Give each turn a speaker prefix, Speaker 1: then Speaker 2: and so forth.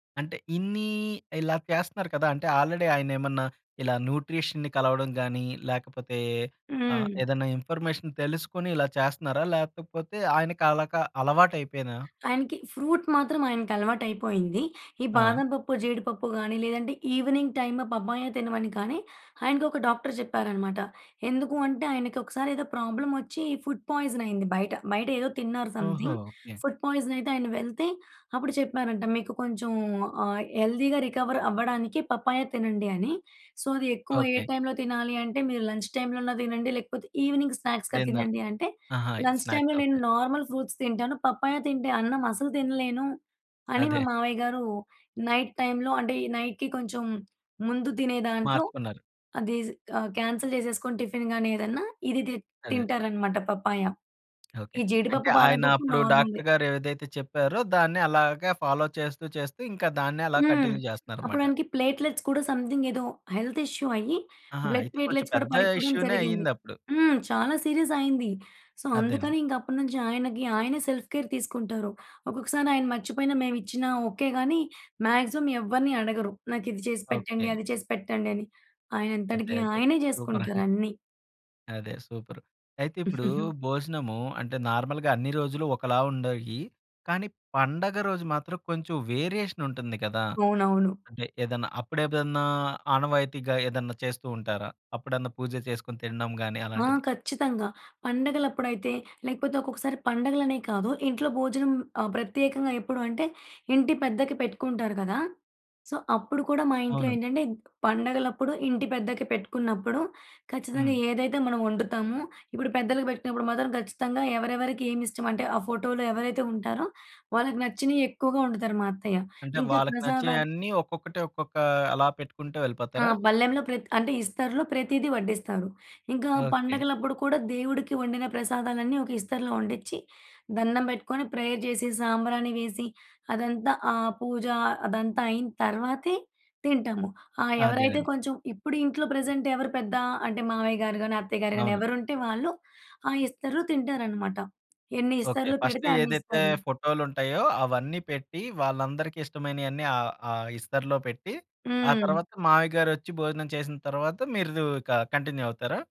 Speaker 1: అంటే ఇన్నీ ఇలా చేస్తన్నారు కదా! అంటే ఆల్రెడి ఆయనేమన్నా ఇలా న్యూట్రిషన్‌ని కలవడం‌గాని, లేకపోతే ఆహ్,
Speaker 2: హ్మ్.
Speaker 1: ఏదన్నా ఇన్‌ఫర్‌మే‌షన్ తెలుసుకొని ఇలా చేస్తన్నారా? లేకపోతే ఆయనకి అలాగా అలవాటు అయిపోయినా?
Speaker 2: ఆయనకి ఫ్రూట్ మాత్రం ఆయనకలవాటయిపోయింది. ఈ
Speaker 1: ఆ!
Speaker 2: బాదం‌పప్పు, జీడిపప్పు గాని లేదంటే ఈవినింగ్ టైమ్ పప్పాయ తినమని కానీ ఆయనకొక డాక్టర్ చెప్పారన్నమాట. ఎందుకు అంటే ఆయనకొకసారి ఏదో ప్రాబ్లమ్ వచ్చి ఫుడ్ పాయిజన్ అయింది బయట. బయట ఏదో తిన్నారు
Speaker 1: ఓహొ!
Speaker 2: సమ్‌థింగ్.
Speaker 1: ఓకే.
Speaker 2: ఫుడ్ పాయిజన్ అయితే ఆయన వెళ్తే అప్పుడు చెప్పారంట, "మీకు కొంచెం ఆహ్, హెల్థీ రికవర్ అవ్వడానికి పప్పాయ తినండి అని. సో, అది ఎక్కువ ఏ
Speaker 1: ఓకే.
Speaker 2: టైమ్‌లో తినాలి అంటే మీరు లంచ్‌టైమ్‌లో అన్నా తినండి లేకపోతే ఈవెనింగ్ స్నాక్స్‌గా
Speaker 1: డిన్నర్
Speaker 2: తినండి. అంటే
Speaker 1: ఆహా! స్నాక్స్
Speaker 2: లంచ్‌టైమ్‌లో నేను
Speaker 1: ఓకే.
Speaker 2: నార్మల్ ఫ్రూట్స్ తింటాను. పప్పాయ తింటే అన్నం అసలు తినలేను అని మా
Speaker 1: అదే.
Speaker 2: మావయ్య గారు నైట్ టైమ్‌లో అంటే ఈ నైట్‌కి కొంచెం ముందు తినే దాంట్లో
Speaker 1: మార్చుకున్నారు.
Speaker 2: అది స్ ఆహ్, కాన్సెల్ చేసేసుకొని టిఫిన్‌ గాని ఏదన్నా ఇది తి
Speaker 1: అదే.
Speaker 2: తింటారనమాట పప్పాయ.
Speaker 1: ఓకే.
Speaker 2: ఈ
Speaker 1: అంటే
Speaker 2: జీడిపప్పు బాదం
Speaker 1: ఆయన
Speaker 2: పప్పు
Speaker 1: అప్పుడు డాక్టర్
Speaker 2: నార్మలే.
Speaker 1: గారు ఏదైతే చెప్పారో దాన్ని అలాగే ఫాలో చేస్తూ చేస్తూ ఇంకా దాన్నే అలా
Speaker 2: హ్మ్.
Speaker 1: కంటిన్యూ
Speaker 2: అప్పుడు
Speaker 1: చేస్తన్నారనమాట.
Speaker 2: ఆయనకి ప్లేట్‌లెట్స్ కూడా సమ్‌థింగ్ ఏదో హెల్త్ ఇష్యూ అయ్యి
Speaker 1: ఆహా!
Speaker 2: బ్లడ్
Speaker 1: అయితే కొంచెం
Speaker 2: ప్లేట్‌లెట్స్ కూడా
Speaker 1: పెద్ద
Speaker 2: పడిపోడం
Speaker 1: ఇష్యూ‌నే
Speaker 2: జరిగింది.
Speaker 1: అయిందప్పుడు.
Speaker 2: హ్మ్. చాలా సీరియస్ అయింది. సో,
Speaker 1: అదేనండి.
Speaker 2: అందుకని ఇంక అప్పటినుంచి ఆయనకి ఆయనే సెల్ఫ్‌కేర్ తీసుకుంటారు. ఒక్కొక్కసారి ఆయన మర్చిపోయిన మేము ఇచ్చిన ఓకే. గాని మ్యాగ్జిమం ఎవరన్నీ అడగరు. నాకు ఇది చేసి పెట్టండి
Speaker 1: ఓకే.
Speaker 2: అది చేసి పెట్టండి అని,
Speaker 1: అదే.
Speaker 2: ఆయనంతటికి
Speaker 1: అదే
Speaker 2: అయనే
Speaker 1: సూపర్! అండి.
Speaker 2: చేసుకుంటారు అన్ని.
Speaker 1: అదే సూపరు! అయితే ఇప్పుడు భోజనము అంటే నార్మల్‌గా అన్ని రోజులు ఒకలా ఉండేయి, కానీ పండగ రోజు మాత్రం కొంచెం వేరియేషన్ ఉంటుంది గదా!
Speaker 2: అవునవును.
Speaker 1: అంటే ఏదన్నా అప్పుడేదన్నా ఆనవాయితీగా ఏదన్నా చేస్తూ ఉంటారా? అప్పుడన్నా పూజ చేసుకొని తినడం గాని
Speaker 2: ఆ!
Speaker 1: అలాంటిది.
Speaker 2: ఖచ్చితంగా పండగలప్పుడైతే లేకపోతే ఒక్కొక్కసారి పండగలనే కాదు ఇంట్లో భోజనం ఆహ్, ప్రత్యేకంగా ఎప్పుడు అంటే, ఇంటి పెద్దకి పెట్టుకుంటారు గదా! సో, అప్పుడు కూడా మా ఇంట్లో
Speaker 1: అవును.
Speaker 2: ఏంటంటే గ్ పండగలప్పుడు ఇంటి పెద్దకి పెట్టుకున్నప్పుడు ఖచ్చితంగా
Speaker 1: హ్మ్.
Speaker 2: ఏదైతే మనం వండుతామో ఇప్పుడు పెద్దలకి పెట్టినప్పుడు మాత్రం ఖచ్చితంగా ఎవరెవరికి ఏమిష్టం అంటే ఆ ఫోటోలో ఎవరైతే ఉంటారో వాళ్ళకి నచ్చినయి ఎక్కువగా వండుతారు మా అత్తయ్య.
Speaker 1: అంటే
Speaker 2: ఇంకా
Speaker 1: వాళ్ళకి
Speaker 2: ప్రసాదాలు
Speaker 1: నచ్చేయన్ని ఒక్కొక్కటి ఒక్కొక్క అలా పెట్టుకుంట
Speaker 2: ఆ
Speaker 1: వెళ్ళిపోతారా?
Speaker 2: బల్లెంలో ప్రతి అంటే ఇస్తరులో ప్రతీదీ వడ్డిస్తారు. ఇంకా
Speaker 1: ఓకే.
Speaker 2: పండగలప్పుడు కూడా దేవుడికి వండిన ప్రసాదాలన్నీ ఒక ఇస్తరులో వండిచ్చి. దండం పెట్టుకొని ప్రేయర్ చేసి సాంబ్రాణి వేసి అదంతా ఆ పూజ అదంతా అయిన తర్వాతే తింటాము. ఆ ఎవరైతే
Speaker 1: అదేనండి.
Speaker 2: కొంచెం ఇప్పుడు ఇంట్లో ప్రెజెంట్ ఎవరు పెద్ద అంటే మావయ్య‌గారు గాని, అత్తయ్య‌గారు గానీ
Speaker 1: అవును.
Speaker 2: ఎవరుంటే వాళ్ళు ఆ ఇస్తరు‌లో తింటారనమాట. ఎన్ని
Speaker 1: ఓకే.
Speaker 2: ఇస్తరులు
Speaker 1: ఫస్ట్
Speaker 2: పెడితే అన్ని
Speaker 1: ఏదైతే
Speaker 2: ఇస్తరులు.
Speaker 1: ఫోటో‌లుంటాయో అవన్నీ పెట్టి వాళ్ళందరికి ఇష్టమైనియన్నీ ఆహ్, ఆ ఇస్తరులో పెట్టి ఆ
Speaker 2: హ్మ్.
Speaker 1: తర్వాత మామయ్య‌గారొచ్చి భోజనం చేసిన తరువాత మీరు దు ఇక కంటిన్యూ అవుతారా?